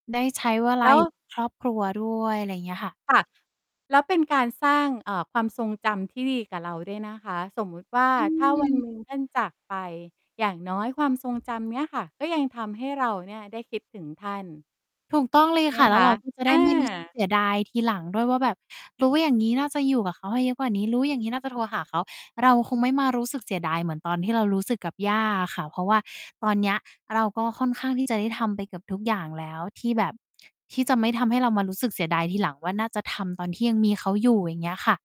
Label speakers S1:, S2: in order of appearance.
S1: ได้ใช้เวล
S2: แล
S1: า
S2: ้
S1: อยู่
S2: ว
S1: ครอบครัวด้วย อะไรเงี้ยค่ะ
S2: ค่ะ แล้วเป็นการสร้าง อ่า ความทรงจำที่ดีกับเราด้วยนะคะ สมมติว่า
S1: อ
S2: ถ้า วันหน
S1: ืม
S2: ึ่ง ท่านจากไป อย่างน้อยความทรงจำเนี้ยค่ะ ก็ยังทำให้เราเนี่ยได้คิดถึงท่าน
S1: ถูกต้องเลย
S2: ใช่ไหม
S1: ค่ะ แล
S2: ค
S1: ้ว
S2: ะ
S1: เรา ก็จะ
S2: เอ
S1: ได้ ไม่รู้สึก
S2: อ
S1: เสียดายทีหลังด้วยว่า แบบรู้อย่างงี้น่าจะอยู่กับเขาให้เยอะกว่านี้ รู้อย่างงี้น่าจะโทรหาเขา เราคงไม่มารู้สึกเสียดายเหมือนตอนที่เรารู้สึกกับย่าอะค่ะ เพราะว่าตอนเนี้ย เราก็ค่อนข้างที่จะได้ทำไปเกือบทุกอย่างแล้ว ที่แบบ ที่จะไม่ทำให้เรามารู้สึกเสียดายทีหลังว่า น่าจะทำตอนที่ยังมีเขาอยู่ อย่างเงี้ยค่ะ